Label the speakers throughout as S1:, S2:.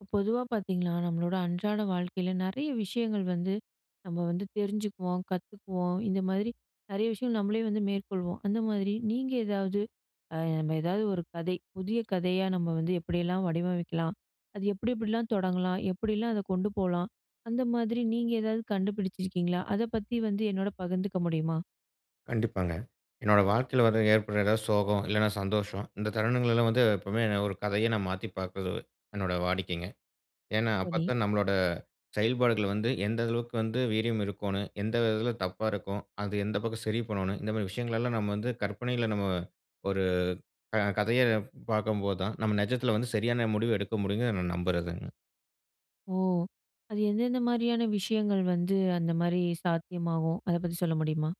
S1: ப பொதுவா பாத்தீங்கன்னா, நம்மளோட அன்றாட வாழ்க்கைல நெறைய விஷயங்கள் வந்து, நம்ம வந்து தெரிஞ்சுக்குவோம், கத்துக்குவோம், இந்த மாதிரி நெறைய விஷயம் நம்மளே வந்து மேற்கொள்வோம், அந்த மாதிரி நீங்க ஏதாவது ஆ நம்ம ஏதாவது ஒரு கதை புதிய கதையா நம்ம வந்து எப்படியெல்லாம் வடிவமைக்கலாம்? அது எப்டி எப்டிலாம் தொடங்கலாம்? எப்டிலாம் அத கொண்டு போலாம்? அந்த மாதிரி நீங்க ஏதாவது கண்டுபிடிச்சிருக்கீங்களா? அத பத்தி வந்து என்னோட பகிர்ந்துக்க முடியுமா?
S2: கண்டிப்பாங்க, என்னோட வாழ்க்கைல வர ஏற்படுற ஏதாவது சோகம், இல்லனா சந்தோஷம் இந்த தருணங்களெல்லாம் வந்து, எப்பவுமே நான் ஒரு கதையா நா மாத்தி பாக்கறது என்னோடய வாடிக்கைங்க. ஏன்னா,
S1: சரி.
S2: அப்பத்தான் நம்மளோட செயல்பாடுகள் வந்து எந்த அளவுக்கு வந்து வீரியம் இருக்கோணும்? எந்த விதத்துல தப்பா இருக்கும்? அது எந்த பக்கம் சரி பண்ணணும்? இந்த மாரி விஷயங்களெல்லாம் நம்ம வந்து கற்பனையில நம்ம ஒரு கத கதையா பாக்கும்போது தான், நம்ம நிஜத்துல வந்து சரியான முடிவு எடுக்க முடியுங்கன்னு நான் நம்புறதுங்க.
S1: ஓ! அது எந்தெந்த மாரியான விஷயங்கள் வந்து அந்த மாரி சாத்தியமாகும்? அத பத்தி சொல்ல முடியுமா?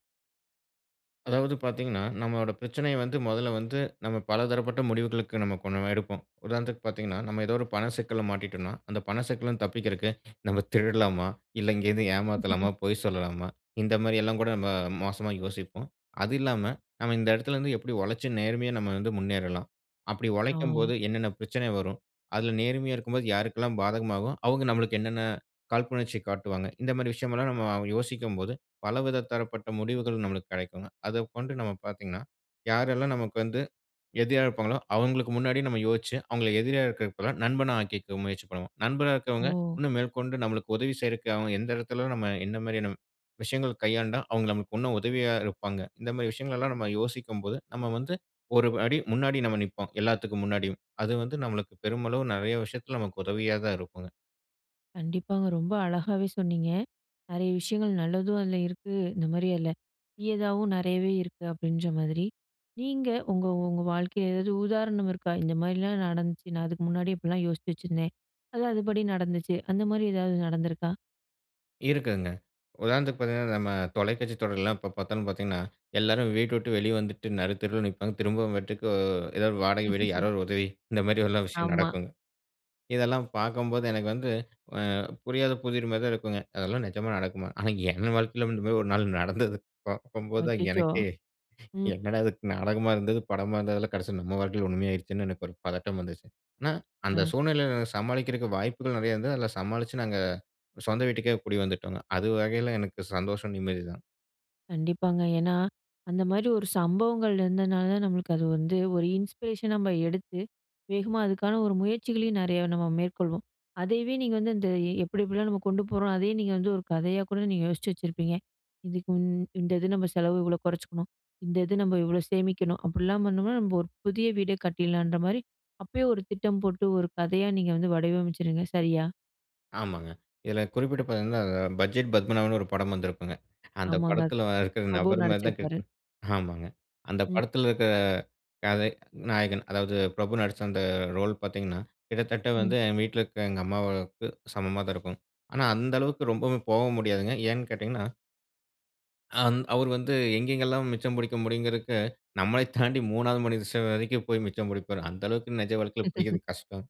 S2: அதாவது பாத்தீங்கனா, நம்மளோட பிரச்சனைய வந்து, முதல்ல வந்து நம்ம பலதரப்பட்ட முடிவுகளுக்கு நம்ம கொஞ்சம் எடுப்போம். உதாரணத்துக்கு பாத்தீங்கனா, நம்ம ஏதோ ஒரு பண சிக்கல மாட்டிட்டோன்னா, அந்த பண சிக்கல இருந்து தப்பிக்குறதுக்கு நம்ம திருடலாமா? இல்ல எங்கயாது ஏமாத்தலாமா? பொய் சொல்லலாமா? இந்த மாரி எல்லா கூட நம்ம மோசமா யோசிப்போம். அது இல்லாம, நம்ம இந்த இடத்துல இருந்து எப்படி உழைச்சு நேர்மையா நம்ம வந்து முன்னேறலாம்? அப்டி உழைக்கும்போது
S1: ஆ.
S2: என்னென்ன பிரச்சன வரும்? அதுல நேர்மையா இருக்கும்போது யாருக்கெல்லா பாதகமாகும்? அவங்க நமக்கு என்னென்ன காழ்ப்புணர்ச்சி காட்டுவாங்க? இந்த மாரி விஷயம் எல்லாம், நம்ம யோசிக்கும்போது, பலவித தரப்பட்ட முடிவுகள் நம்மளுக்கு கெடைக்குங்க. அதக் கொண்டு நம்ம பாத்தீங்கனா, யாரெல்லாம் நமக்கு வந்து எதிரியா இருப்பாங்களோ, அவங்களுக்கு முன்னாடி நம்ம யோசிச்சு அவங்கள எதிரியா இருக்குறதுக்கு பதிலா நண்பனா ஆக்கிக்க முயற்சி பண்ணுவோம். நண்பனா இருக்குறவங்க,
S1: ஓ!
S2: இன்னும் மேற்கொண்டு நம்மளுக்கு உதவி செய்றதுக்கு அவ எந்த இடத்துலயும், நம்ம எந்த மாரியான விஷயங்கள் கையாண்டா, அவங்க நமக்கு இன்னும் உதவியா இருப்பாங்க? இந்த மாரி விஷயங்கள் எல்லா நம்ம யோசிக்கும் போது, நம்ம வந்து ஒரு அடி முன்னாடி நம்ம நிப்போம், எல்லாத்துக்கும் முன்னாடியும். அது வந்து நம்மளுக்கு பெருமளவு நெறைய விஷயத்துல நமக்கு உதவியா தான் இருக்கும்.
S1: கண்டிப்பாங்க ரொம்ப அழகாவே சொன்னீங்க. நெறைய விஷயங்கள் நல்லதும் அதுல இருக்கு. இந்த மாதிரி இதுல தீயதாவும் நெறையவே இருக்கு அப்டின்ற மாதிரி. நீங்க உங்க உங்க வாழ்க்கையில ஏதாவது உதாரணம் இருக்கா? இந்த மாதிரிலாம் நடந்துச்சு. நான் அதுக்கு முன்னாடி இப்டிலாம் யோசிச்சு வச்சிருந்தேன். அது அதுபடி நடந்துச்சு. அந்த மாதிரி எதாவது நடந்துருக்கா?
S2: இருக்குதுங்க. உதாரணத்துக்கு பார்த்தீங்கன்னா நம்ம தொலைக்காட்சி தொடரில்லாம் எப்ப பார்த்தாலும் பார்த்தீங்கன்னா எல்லாரும் வீட்ட விட்டு வெளியே வந்துட்டு நருத்தெருவில நிப்பாங்க. திரும்பவும் வீட்டுக்கு ஏதாவது 1 வாடகை வீடு யாராவது 1 உதவி இந்த மாதிரில்லாம் விஷயம்
S1: ஆமா.
S2: நடக்கும். இதெல்லாம் பார்க்கும்போது எனக்கு வந்து புரியாத புதிர் மாதிரி தான் இருக்குங்க. அதெல்லாம் நிஜமா நடக்குமா? ஆனா என் வாழ்க்கையில இந்த மாதிரி 1 நாள் நடந்தது. பார்க்கும்போது தான்
S1: அச்சச்சோ!
S2: எனக்கே
S1: ம்.
S2: என்னடா இதுக்கு நாடகமா இருந்தது படமா இருந்ததெல்லாம் கடைசியில நம்ம வாழ்க்கையில உண்மையா ஆயிடுச்சுன்னு, எனக்கு 1 பதட்டம் வந்துச்சு. ஆனா அந்த
S1: அ.
S2: சூழ்நிலையில சமாளிக்கிறதுக்கு வாய்ப்புகள் நெறையா இருந்தது. அதுல சமாளிச்சு நாங்க சொந்த வீட்டுக்கே, குடி வந்துட்டோங்க. அது வகையில எனக்கு சந்தோஷம் நிம்மதிதான்.
S1: கண்டிப்பாங்க. ஏன்னா அந்த மாதிரி 1 சம்பவங்கள் இருந்ததுனால தான், நம்மளுக்கு அது வந்து 1 இன்ஸ்பிரேஷனா நம்ம எடுத்து, வேகமா அதுக்கான 1 முயற்சிகளையும் நெறைய நம்ம மேற்கொள்வோம். அதையவே நீங்க வந்து அந்த எப்டி எப்டிலாம் நம்ம கொண்டு போறோம். அதையும் நீங்க வந்து 1 கதையா கூட, நீங்க யோசிச்சு வச்சிருப்பீங்க. இதுக்கு இந்த இது நம்ம செலவு இவ்ளோ கொறைச்சிக்கணும், இந்த இது நம்ம இவ்ளோ சேமிக்கணும், அப்டிலாம் பண்ணோம்னா நம்ம 1 புதிய வீடே கட்டிட்லான்ற மாதிரி, அப்பயே 1 திட்டம் போட்டு, 1 கதையா நீங்க வந்து வடிவமைச்சுடுவீங்க சரியா?
S2: ஆமாங்க. இதுல குறிப்பிட்டு பாத்தீங்கன்னா, அ பட்ஜெட் பத்மநாபன்னு ஒரு படம் வந்திருக்குங்க. அந்த
S1: ஆமாங்க.
S2: படத்துல இருக்குற
S1: பிரபு
S2: நபர் மாரி தான்
S1: நடிச்சிருப்பாரு.
S2: கேக்கு ஆமாங்க. அந்த
S1: ம்.
S2: படத்துல இருக்குற கதை நாயகன். அதாவது, பிரபு நடிச்ச அந்த ரோல் பாத்தீங்கன்னா கிட்டத்தட்ட வந்து
S1: ம்.
S2: என் வீட்ல இருக்க எங்க அம்மாவுக்கு சமமா தான் இருக்கும். ஆனா அந்த அளவுக்கு ரொம்பவும் போகவும் முடியாதுங்க. ஏன்னு கேட்டீங்கன்னா? ஆந் அவரு வந்து, எங்கேங்கெல்லாம் மிச்சம் புடிக்க முடியுங்கறதுக்கு, நம்மள தாண்டி 3வது மனித ச வரைக்கும் போயி மிச்சம் புடிப்பாரு. அந்த அளவுக்கு நெஜ வாழ்க்கையில புடிக்கறது கஷ்டம்.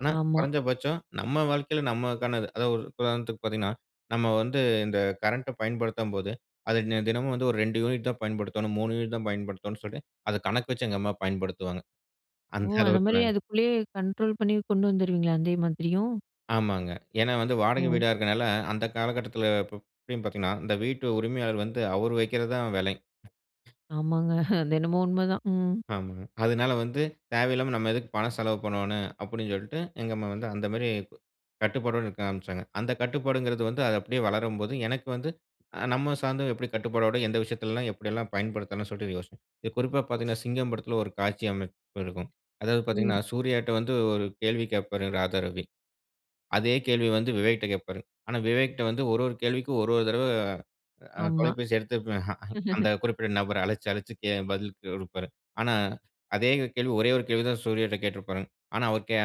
S2: ஆனா
S1: ஆமா.
S2: கொறஞ்ச பட்சம் நம்ம வாழ்க்கையில நம்மக்கானது. அதாவது ஒரு உதாரணத்துக்கு பாத்தீங்கன்னா, நம்ம வந்து இந்த கரண்ட்ட பயன்படுத்தும்போது அதை நெ தினமும் வந்து ஒரு 2 யூனிட் தான் பயன்படுத்தோணும், 3 யூனிட் தான் பயன்படுத்தோணும் சொல்லி, அத கணக்கு வச்சு எங்க அம்மா பயன்படுத்துவாங்க.
S1: ஓ!
S2: அந்த
S1: அந்த
S2: அளவுக்கு
S1: மாரி
S2: நாங்
S1: அதுக்குள்ளேயே கண்ட்ரோல் பண்ணி கொண்டு வந்துருவீங்களா? அதே மாதிரியும்.
S2: ஆமாங்க. ஏன்னா? வந்து வாடகை
S1: ஓ!
S2: வீடா இருக்றனால அந்த காலகட்டத்துல, இப்ப இப்டின்னு பாத்தீங்கனா? இந்த வீட்டு உரிமையாளர் வந்து அவர் வைக்கிறது தான் விலை.
S1: ஆமாங்க. அது என்னமோ உண்ம தான். ம்.
S2: ஆமாங்க. அதுனால வந்து, "தேவையில்லாம நம்ம எதுக்கு பணம் செலவு பண்ணுவோனு", அப்டின் சொல்லிட்டு எங்க அம்மா வந்து, அந்த மாரி கட்டுப்பாடோட இருக்க ஆரம்பிச்சாங்க. அந்த கட்டுப்பாடுங்றது வந்து அது அப்படியே வளரும்போது, எனக்கு வந்து, அ நம்ம சார்ந்தவ எப்டி கட்டுப்பாடோட எந்த விஷயத்துலலாம் எப்டியெல்லாம் பயன்படுத்தணும் சொல்ட்டு யோசிச்சேன். இது குறிப்பா பாத்தீங்கன்னா, சிங்கம் படத்துல ஒரு காட்சி அமைப்பு இருக்கும். அதாவது
S1: ம்.
S2: பாத்தீங்கன்னா, சூர்யாட்ட வந்து ஒரு கேள்வி கேட்பாரு ராதா ரவி, அதே கேள்விய வந்து விவேக்ட்ட கேட்பாரு. ஆனா, விவேக்ட்ட வந்து ஒரு ஒரு கேள்விக்கும் ஒரு ஒரு தடவ, அ
S1: ஆமா.
S2: தொலைபேசி எடுத்து, அந்த குறிப்பிட்ட நபர அழைச்சு அழைச்சு கே பதில் கொடுப்பாரு. ஆனா, அதே கேள்வி ஒரே ஒரு கேள்விய தான் சூர்யாகிட்ட கேட்ருப்பானுங்க. ஆனா அவர் கேய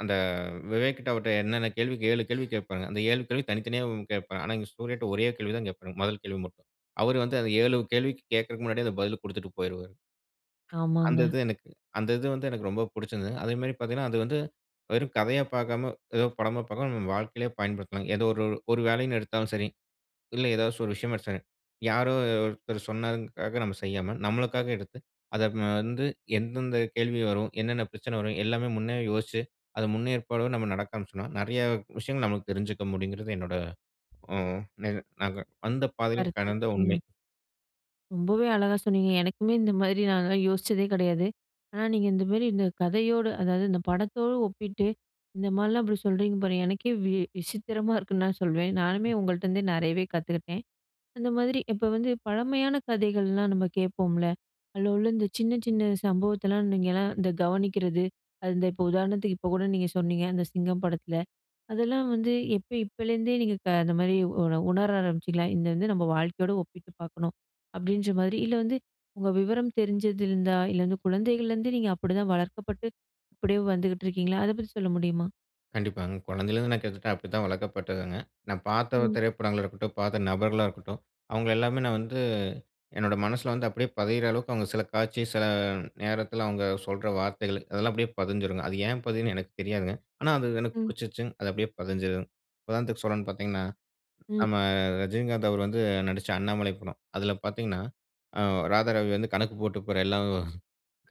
S2: அந்த வ் விவேக் கிட்ட அவர்ட்ட என்னென்ன கேள்வி கே 7 கேள்வி கேட்பாங்க. அந்த 7 கேள்வி தனித்தனியாவும் கேட்பாங் ஆனா இங்க சூர்யாட்ட ஒரே கேள்வி தான் கேட்பாரு. முதல் கேள்வி மட்டும். அவரு வந்து அந்த 7 கேள்விக்கு கேக்க்குறதுக்கு முன்னாடியே அத பதில குடுத்துட்டு போயிருவாரு. அந்த
S1: ஆமாங்க.
S2: இது எனக்கு அந்த இது வந்து எனக்கு ரொம்ப புடிச்சருந்தது. அதேமாரி பாத்தீங்கன்னா அது வந்து வெறும் கதையா பாக்காம, ஏதோ படமா பாக்காம, நம்ம வாழ்க்கையிலயே பயன்படுத்தலாம். ஏதோ ஒரு ஒரு வேலைன்னு எடுத்தாலும் சரி, இல்ல ஏதாச்சு ஒரு விஷயமோ எடுத்தாலும் சரி, யாரோ ஒருத்தர் சொன்னதுங்க்காக நம்ம செய்யாம, நம்மளுக்காக எடுத்து அத அப்னா வந்து எந்தெந்த கேள்வி வரும்? என்னென்ன பிரச்சன வரும்? எல்லாமே முன்னேயே யோசிச்சு, அத முன்னேற்பாடோடு நம்ம நடக்க ஆரம்பிச்சனா, நெறையா விஷயங்கள் நமக்கு தெரிஞ்சுக்க முடிங்றது, என்னோட, ம் நிக நாங்க வந்த பாதைலயும்
S1: கருத்து.
S2: கடந்த உண்மை.
S1: ம். ரொம்பவே அழகா சொன்னீங்க. எனக்குமே இந்த மாரி நான் அதலாம் யோசிச்சதே கிடையாது. ஆனா, நீங்க இந்த மாதிரி இந்த கதையோடு, அதாவது இந்த படத்தோடு ஒப்பிட்டு, இந்த மாரிலாம் அப்டி சொல்றீங்க பாருங்க, எனக்கே வி விசித்திரமா இருக்குன்னு நான் சொல்வேன். நானுமே உங்கள்ட்டேந்தே நிறையவே கத்துக்கிட்டேன். அந்த மாதிரி இப்போ வந்து, பழமையான கதைகள்லாம் நம்ம கேட்போம்ல. அதில உள்ள இந்த சின்ன சின்ன சம்பவத்தலாம் நீங்கள்லாம் இந்த கவனிக்கிறது. அந்த இப்போ உதாரணத்துக்கு இப்போ கூட நீங்க சொன்னீங்க. அந்த சிங்கம் படத்தில. அதெல்லாம் வந்து எப்ப இப்பலேருந்தே நீங்க அந்த மாதிரி உ உணர ஆரம்பிச்சிங்களா? இது இது வந்து நம்ம வாழ்க்கையோடு ஒப்பிட்டு பார்க்கணும், அப்டின்ற மாதிரி, இல்ல வந்து உங்க விவரம் தெரிஞ்சதுலருந்தா, இல்ல வந்து குழந்தைகள்லேருந்தே நீங்க அப்டிதான் வளர்க்கப்பட்டு அப்டியே வந்துகிட்டு இருக்கீங்களா, அத பத்தி சொல்ல முடியுமா?
S2: கண்டிப்பாங்க. குழந்தையிலேருந்து நான் கிட்டத்தட்ட அப்டி தான் வளர்க்கப்பட்டதுங்க. நான் பார்த்த
S1: ம்.
S2: திரைப்படங்களா இருக்கட்டும், பார்த்த நபர்களா இருக்கட்டும், அவங்கள எல்லாமே நான் வந்து, என்னோடய மனசில வந்து, அப்டியே பதியிற அளவுக்கு, அவங்க சில காட்சி சில நேரத்தில, அவங்க சொல்கிற வார்த்தைகள், அதெல்லாம் அப்படியே பதிஞ்சிடுங்க. அது ஏன் பதிதுன்னு எனக்கு தெரியாதுங்க. ஆனா, அது எனக்கு
S1: ம்.
S2: பிடிச்சிருச்சு. அது அப்படியே பதிஞ்சிடும். உதாரணத்துக்கு சொல்றேன்னு பார்த்திங்கன்னா, நம்ம
S1: ம்.
S2: ரஜினிகாந்த், அவர் வந்து நடிச்ச அண்ணாமலை படம். அதில பார்த்தீங்கன்னா, அ ராதாரவி வந்து கணக்கு போட்டு போற எல்லாம்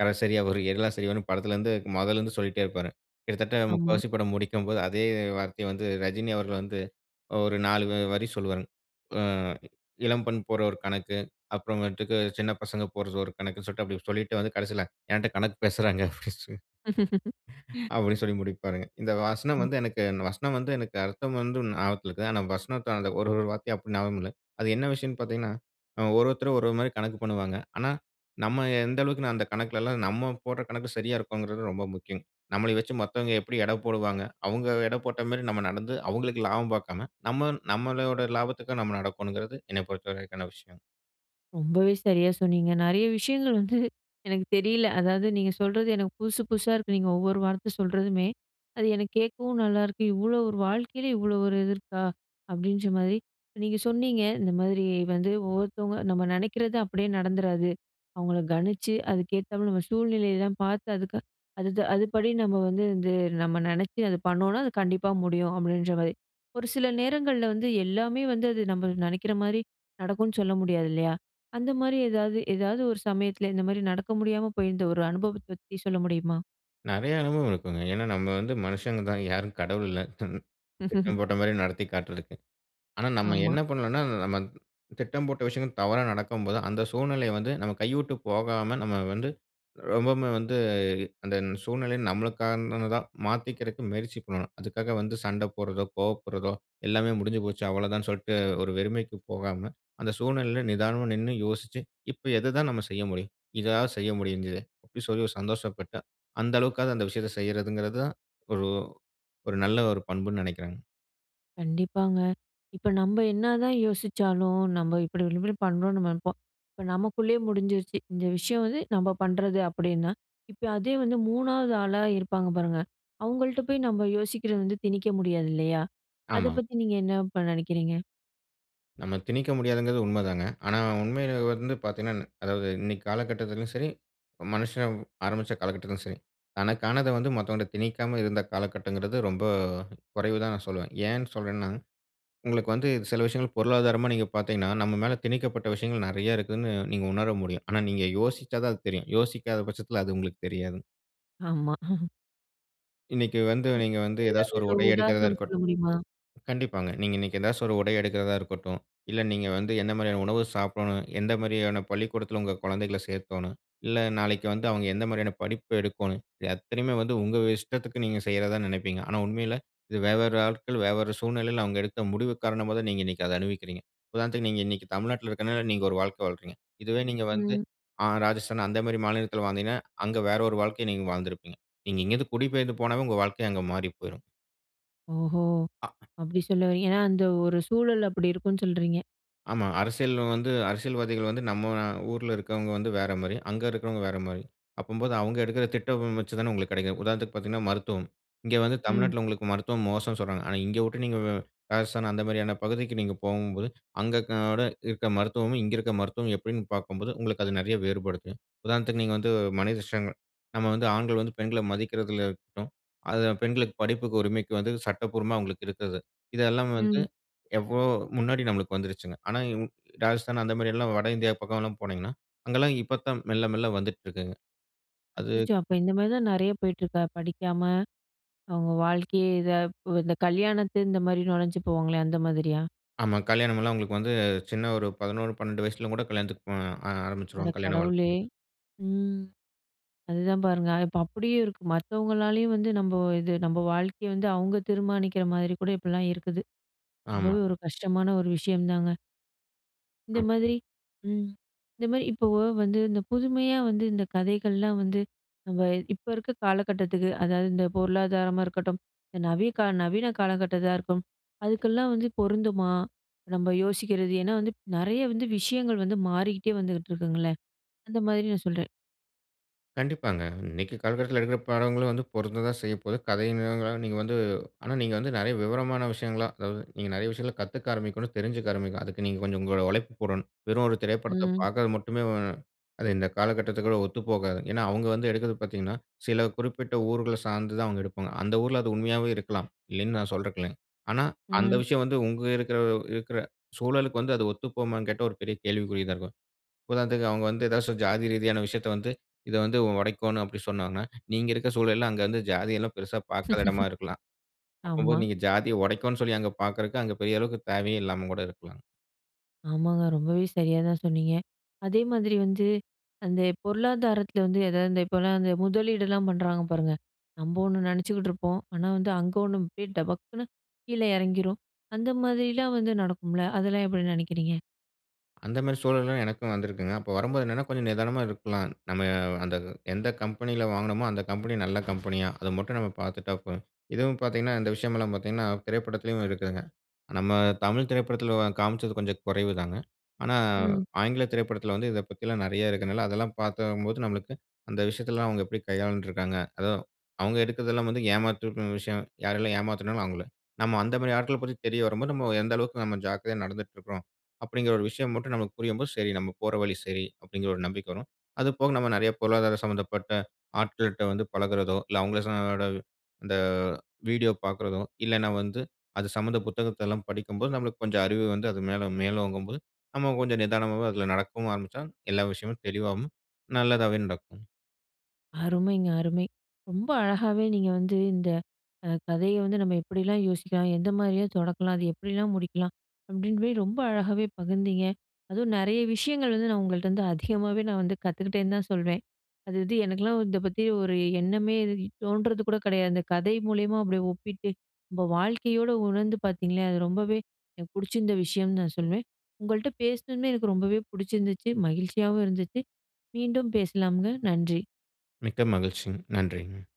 S2: கடைசரியா ஒரு எல சரின்னு படத்துலேருந்து முதல்லேருந்து சொல்லிட்டே இருப்பாருங். கிட்டத்தட்ட
S1: ஆமா.
S2: முக்கால்வாசி படம் முடிக்கும்போது, அதே வார்த்தையை வந்து ரஜினி அவர்கள் வந்து, ஒரு நாலு வரி சொல்லுவாருங்க. ஆ இளம்பெண் போடுற ஒரு கணக்கு, அப்புறமேட்டுக்கு சின்ன பசங்க போடுற ஒரு கணக்குன்னு சொல்லிட்டு, அப்டி சொல்லிட்டு வந்து கடைசியில "என்கிட்ட கணக்கு பேசுகிறாங்க" அப்டி அப்டினு சொல்லி முடிப்பாருங்க. இந்த வசனம்
S1: ம்.
S2: வந்து எனக்கு, வசனம் வந்து எனக்கு அர்த்தம் வந்து ஞாபகத்தில இருக்குது. ஆனால் வசனத்தை அந்த ஒரு ஒரு வார்த்தையா அப்டி ஞாபகம் இல்லை. அது என்ன விஷயம்னு பார்த்தீங்கன்னா, ஒவ்வொருத்தரும் ஒவ்வொரு மாரி கணக்கு பண்ணுவாங்க. ஆனா, நம்ம எந்த அளவிற்கு, அந்த கணக்கில எல்லாம் நம்ம போடுற கணக்கு சரியா இருக்குன்றது ரொம்ப முக்கியம்ங்க. நம்மளை வைச்சு மத்தவங்க எப்டி எடை போடுவாங்க. அவங்க எடை போட்ட மாதிரி, நம்ம நடந்து அவங்களுக்கு லாபம் பார்க்காம நம்ம நம்முடைய லாபத்திற்காக நம்ம நடக்கனும்கிறது என்னை பொறுத்தவரைக்கான விஷயம்.
S1: ரொம்பவே சரியா சொன்னீங்க. நிறைய விஷயங்கள் வந்து எனக்கு தெரியல. அதாவது நீங்க சொல்றது எனக்கு புதுசு புதுசா இருக்கு. நீங்க ஒவ்வொரு வார்த்த சொல்றதுமே! அது எனக்கு கேட்கவும் நல்லாயிருக்கு. இவ்ளோ ஒரு வாழ்க்கையில இவ்ளோ ஒரு இது இருக்கா! அப்பிடின்றமாரி நீங்க சொன்னீங்க, இந்த மாரி வந்து ஒவ்வொருத்தவங்க நம்ம நினைக்கிறது அப்பிடியே நடந்துறாது. அவுங்கள கணிச்சு அதுக்கேத்தாப்புல நம்ம சூழ்நிலை தான் பார்த்து அதுக்கு அது அதுபடி நம்ம வந்து இது நம்ம நினச்சு அது பண்ணோன்னா, அது கண்டிப்பா முடியும். அப்பிடின்றமாரி, ஒரு சில நேரங்கள்ல வந்து எல்லாமே வந்து அது நம்ம நினைக்கிறமாரி நடக்குன்னு சொல்ல முடியாது இல்லயா! அந்தமாரி எதாவது, எதாவது ஒரு சமயத்தில இந்தமாரி நடக்க முடியாம போயிருந்த ஒரு அனுபவத்த பத்தி சொல்ல முடியுமா?
S2: நிறைய அனுபவம் இருக்குங்க. ஏன்னா நம்ம வந்து மனுஷங்க தான். யாரும் கடவுள் இல்ல. திட்டம் போட்டமாரி நடத்தி காட்டுறதுக்கு. ஆனா நம்ம
S1: ஆமா.
S2: என்ன பண்ணோன்னா, நம்ம திட்டம் போட்ட விஷயங்கள் தவறா நடக்கும்போது, அந்த சூழ்நிலைய வந்து நம்ம கைவிட்டு போகாம நம்ம வந்து ரொம்பவுமே வந்து அந்த சூழ்நிலை நம்மளுக்கானதா மாத்திக்கிறக்கு முயற்சி பண்ணணும். அதுக்காக வந்து சண்ட போடுறதோ, கோவப்படுறதோ, எல்லாமே முடிஞ்சு போச்சு அவ்ளதான் சொல்ட்டு ஒரு வெறுமைக்கு போகாம அந்த சூழ்நிலையில நிதானமா நின்னு யோசிச்சு, இப்ப எத தான் நம்ம செய்ய முடியும் இதாவது செய்ய முடிஞ்சதே அப்பிடி சொல்லி ஒரு சந்தோஷப்பட்டு, அந்த அளவுக்காவது அந்த விஷயத்த செய்றதுங்கிறது தான் ஒரு ஒரு நல்ல ஒரு பண்புனு நினைக்கிறேங்க.
S1: கண்டிப்பாங்க. இப்ப நம்ப என்ன தான் யோசிச்சாலும், நம்ப இப்டி இப்டி இப்டி நம்ப நெனைப்போம். இப்ப நம்பக்குள்ளயே முடிஞ்சிருச்சு. இந்த விஷயம் வந்து நம்ப பண்றது அப்டின்னா, இப்ப அதே வந்து 3வது ஆளா இருப்பாங்க பாருங்க. அவங்கள்ட்ட போய் நம்ம யோசிக்கிறத வந்து திணிக்க முடியாது இல்லையா? அத
S2: ஆமாங்.
S1: பத்தி நீங்க என்ன இப்ப நெனைக்கிறீங்க?
S2: நம்ம திணிக்க முடியாதுங்கிறது உண்மதாங்க. ஆனா உண்மைய வந்து பாத்தீங்கன்னா அதாவது இன்னைக்கு காலகட்டத்துலயும் சரி, மனுஷன் ஆரம்பிச்ச காலகட்டத்துலயும் சரி. தனக்கானத வந்து மத்தவன்ட்ட திணிக்காம இருந்த காலகட்டங்கிறது ரொம்ப குறைவுதான்னு நான் சொல்லுவேன். ஏன் சொல்றேன்னா, உங்களுக்கு வந்து சில விஷயங்கள் பொருளாதாரமா நீங்க பாத்தீங்கன்னா, நம்ம மேல திணிக்கப்பட்ட விஷயங்கள் நெறைய இருக்குதுன்னு நீங்க உணர முடியும். ஆனா நீங்க யோசிச்சாதான் அது தெரியும். யோசிக்காத பட்சத்துல அது உங்களுக்கு தெரியாதுங்.
S1: ஆமா.
S2: இன்னிக்கு வந்து
S1: அதப்
S2: நீங்க வந்து
S1: பத்தி
S2: ஏதாவது ஒரு
S1: எதாவது
S2: உடை எடுக்கறதா
S1: உதாரணம்
S2: இருக்கட்
S1: சொல்ல முடியுமா?
S2: கண்டிப்பாங்க. நீங்க இன்னைக்கு ஏதாச்சு ஒரு உடை எடுக்கறதா இருக்கட்டும், இல்ல நீங்க வந்து என்ன மாரியான உணவு சாப்பிடணும், எந்த மாரியான பள்ளிக்கூடத்துல உங்க கொழந்தைகள சேக்கோணும், இல்ல நாளைக்கு வந்து அவங்க என்ன மாரியான படிப்பு எடுக்கோணும், இது அத்தனையுமே வந்து உங்க இஷ்டத்துக்கு நீங்க செய்யறதா நெனப்பீங்க. ஆனா உண்மையில இது வெவ்வேறு ஆட்கள், வெவ்வேறு சூழ்நிலையில அவங்க எடுத்த முடிவு காரணமா தான் நீங்க இன்னிக்கு அத அனுபவிக்கிறீங்க. உதாரணத்துக்கு நீங்க இன்னிக்கு தமிழ்நாட்ல இருக்கதுனால நீங்க ஒரு வாழ்க்க வாழ்றீங்க. இதுவே நீங்க வந்து,
S1: ம்.
S2: அ ராஜஸ்தான் அந்த மாரி மாநிலத்துல வாழ்ந்தீங்கன்னா, அங்க வேற ஒரு வாழ்க்கைய நீங்க வாழ்ந்திருப்பீங்க. நீங்க இங்க இருந்து குடிபெயர்ந்து போனாவே உங்க வாழ்க்கை அங்க மாறி போயிரும்.
S1: ஓஹோ!
S2: ஆ.
S1: அப்டி சொல்லவறீங்க. ஏனா, அந்த ஒரு சூழல் அப்டி இருக்கும்னு சொல்றீங்க.
S2: ஆமா. அரசியல் வந்து அரசியல்வாதிகள் வந்து நம்ம ஊரில இருக்கிறவங்க வந்து வேற மாரி, அங்க இருக்கிறவங்க வேற மாரி. அப்பம்போது அவங்க எடுக்கிற திட்டம் வச்சு தானே உங்களுக்கு கிடைக்கும். உதாரணத்துக்கு பார்த்தீங்கனா மருத்துவம். இங்க வந்து
S1: ம்.
S2: தமிழ்நாட்டில உங்களுக்கு மருத்துவம் மோசம் சொல்றாங்க. ஆனா, இங்க விட்டு நீங்க ராஜஸ்தான் அந்த மாதிரியான பகுதிக்கு நீங்க போகும்போது, அங்கே இருக்கிற- இருக்கிற மருத்துவமும், இங்க இருக்கிற மருத்துவம் எப்டின்னு பாக்கும்போது, உங்களுக்கு அது நிறைய வேறுபடுது. உதாரணத்திற்கு நீங்க வந்து [unintelligible] நாம் வந்து ஆண்கள் வந்து பெண்களை மதிக்கறதுலா இருக்கட்டும், அது பெண்களுக்கு படிப்புக்கு உரிமைக்கு வந்து சட்டபூர்வமா அவங்களுக்கு இருக்குது. இதெல்லாம் வந்து
S1: ம்.
S2: எவ்ளோ முன்னாடி நமக்கு வந்துருச்சுங்க. ஆனா, இன் ராஜஸ்தான் அந்த மாதிரி எல்லாம் வட இந்தியா பக்கம் எல்லாம் போனீங்கனா, அங்கெல்லாம் இப்பதான் மெல்ல மெல்ல வந்துட்டிருக்கிங்க. அது
S1: அச்சச்சோ! அப்ப இந்த மாரி தான் நிறைய போயிட்டுருக்கா படிக்காம? அவங்க வாழ்க்கை இத இந்த கல்யாணத்து இந்த மாரி நுழைஞ்சு போவாங்களே அந்த மாதிரியா?
S2: ஆமா. கல்யாணம் எல்லாம் அவங்களுக்கு வந்து சின்ன ஒரு 11, 12 வயசில கூட கல்யாணத்துக்கு அ
S1: அட
S2: ஆரம்பிச்சுருவாங்க கல்யாண
S1: கடவுளே!
S2: வாழ்க்கைங்கறது.
S1: ம். அதுதான் பாருங்க, இப்ப அப்டியே இருக்கு மத்தவங்களாலயும் வந்து நம்ம இது நம்ம வாழ்க்கைய வந்து அவங்க தீர்மானிக்கிற மாரி கூட இப்படிலாம் இருக்குது.
S2: ஆமா.
S1: ரொம்பவே ஒரு கஷ்டமான ஒரு விஷயம்தாங்க. இந்த
S2: ஓகே.
S1: மாதிரி ம் இந்த மாரி இப்போ வந்து இந்த புதுமையா வந்து இந்த கதைகள்லாம் வந்து, நம்ப இப்ப இருக்குற காலகட்டத்துக்கு, அதாவது இந்த பொருளாதாரமா இருக்கட்டும், இந்த நவிய நவீன காலகட்டத்துல இருக்கட்டும் அதுக்கெல்லாம் வந்து பொருந்துமா? நம்ம யோசிக்குறது ஏன்னா, வந்து நெறைய வந்து, விஷயங்கள் வந்து மாறிக்கிட்டே வந்துகிட்டு இருக்குங்கள்ல. அந்த மாதிரி நான் சொல்லுறேன்.
S2: கண்டிப்பாங்க. இன்னைக்கு காலகட்டத்துல எடுக்குற படங்களும் வந்து, பொருந்ததான் செய்ய போகுது. கதையா நீங்க வந்து ஆனா, நீங்க வந்து நெறைய விவரமான விஷயங்களா அதாவது நீங்க நெறைய விஷயங்கள்ல கத்துக்க ஆரம்பிக்கணும். தெரிஞ்சிக்க ஆரம்பிக்கணும். அதுக்கு நீங்க கொஞ்சம் உங்களோட உழைப்பு போடணும். வெறும் ஒரு திரைப்படத்த
S1: ம்.
S2: பாக்குறது மட்டுமே அது இந்த காலகட்டத்துற்கு ஒத்துப்போகாது. ஏன்னா, அவங்க வந்து எடுப்பது பாத்தீங்கன்னா, சில குறிப்பிட்ட ஊர்கள்ல சார்ந்து தான் அவங்க எடுப்பாங்க. அந்த ஊருல அது உண்மையாகவே இருக்கலாம். இல்லனு நான் சொல்லுறதுக்குல்ல. ஆனா, அந்த
S1: ம்.
S2: விஷயம் வந்து உங்க இருக்குற இருக்குற சூழலுக்கு வந்து அது ஒத்து போகுமானு கேட்டா ஒரு பெரிய கேள்விக்குறி தான் இருக்கும். இப்போ அவங்க வந்து ஏதாவது ஜாதி ரீதியான விஷயத்த வந்து இத வந்து உடைக்கோணும் அப்படி சொன்னாங்கன்னா, நீங்க இருக்குற சூழல அங்க வந்து ஜாதி எல்லாம் பெருசா பாக்காத இடமா இருக்கலாம்.
S1: ஆமா.
S2: அப்பம்போது நீங்க ஜாதிய உடைக்கும்னு சொல்லி அங்க பாக்குறதுக்கு அங்க பெரிய அளவுக்கு தேவையும் இல்லாம கூட இருக்கலாம்.
S1: ஆமாங்க. ரொம்பவே சரியா தான் சொன்னீங்க. அதே மாதிரி வந்து அந்த பொருளாதாரத்துல வந்து எதாவது இந்த இப்போலாம் அந்த முதலீடுலாம் பண்ணுறாங்க பாருங்க. நம்ப ஒண்ணு நினைச்சுக்கிட்டுருப்போம். ஆனா, வந்து அங்க ஒண்ணு அப்படியே டபக்குனு, கீழ இறங்கிரும். அந்த மாதிரிலாம் வந்து நடக்கும்ல, அதெல்லாம் எப்படி நினைக்கிறீங்க?
S2: அந்த மாரி சூழல்தான் எனக்கும் வந்திருக்குதுங்க. அப்போ வரும்போது என்னன்னா, கொஞ்சம் நிதானமா இருக்கலாம் நம்ம அந்த எந்த கம்பெனில வாங்கினமோ அந்த கம்பெனி நல்ல கம்பெனியா? அத மட்டும் நம்ம பாத்துட்டா போதும். இதுவும் பார்த்தீங்கன்னா இந்த விஷயம் எல்லாம் பார்த்தீங்கன்னா, திரைப்படத்திலயும் இருக்குங்க. நம்ம தமிழ் திரைப்படத்தில காமிச்சது கொஞ்சம் குறைவு தாங்க. ஆனா,
S1: ம்.
S2: ஆங்கில திரைப்படத்தில வந்து இத பத்தி எல்லாம் நெறைய இருக்கிறதுனால அதெல்லாம் பார்த்தம்போது நம்மளுக்கு அந்த விஷயத்தில எல்லாம் அவுங்க எப்படி கையாண்டு இருக்காங்க. அதும் அவுங்க எடுக்கிறதெல்லாம் வந்து ஏமாற்றுனு விஷயம் யாரெல்லாம் ஏமாத்துனாங்களோ அவுங்கள. நம்ம அந்த மா ரி ஆட்கள பத்தி தெரிய வரும்போது, நம்ம எந்த அளவுக்கு நாம ஜாக்கிரதையா நடந்துட்டு இருக்கிறோம், அப்டிங்கிற ஒரு விஷயம் மட்டும் நமக்கு புரியும்போது, சரி நாம போற வழி சரி அப்டிங்கிற ஒரு நம்பிக்கை வரும். அது போக நம்ம நெறைய பொருளாதார சம்மந்தப்பட்ட ஆட்கள்ட்ட வந்து பழகறதோ, இல்ல அவுங்க ச ஓட இந்த வீடியோ பார்க்கிறதோ, இல்லைனா வந்து அது சம்மந்த புத்தகத்த எல்லாம் படிக்கும்போது நம்மளுக்கு கொஞ்சம் அறிவு வந்து, அது மேல மேலோங்கும்போது நம்ம கொஞ்சம் நிதானமாவும், அதில நடக்கவும் ஆரம்பிச்சா எல்லா விஷயமும் தெளிவாவும் நல்லதாவே நடக்கும்.
S1: அருமைங்க. அருமை. ரொம்ப அழகாவே நீங்க வந்து இந்த அ கதைய வந்து நம்ம எப்படிலாம் யோசிக்கலாம்? எந்த மாதிரியா தொடக்கலாம்? அது எப்படிலாம் முடிக்கலாம்? அப்டின்னு போயி ரொம்ப அழகாவே பகிர்ந்தீங்க. அதுவும் நெறைய விஷயங்கள் வந்து நான் உங்கள்ட்ட வந்து அதிகமாவே நான் வந்து கத்துக்கிட்டேன்னு தான் சொல்வேன். அது இது எனக்கலாம் இத பத்தி ஒரு எண்ணமே தோன்றது கூட கிடையாது. அந்த கதை மூலியமா அப்டியே ஒப்பிட்டு, நம்ம வாழ்க்கையோட உணர்ந்து பார்த்தீங்களே, அது ரொம்பவே எனக்கு பிடிச்சிருந்த விஷயம்னு நான் சொல்லுவேன். உங்கள்ட்ட பேசினதுமே எனக்கு ரொம்பவே பிடிச்சிருந்துச்சி, மகிழ்ச்சியாவும் இருந்துச்சி. மீண்டும் பேசலாம்ங்க. நன்றி!
S2: மிக்க மகிழ்ச்சிங்க. நன்றிங்க.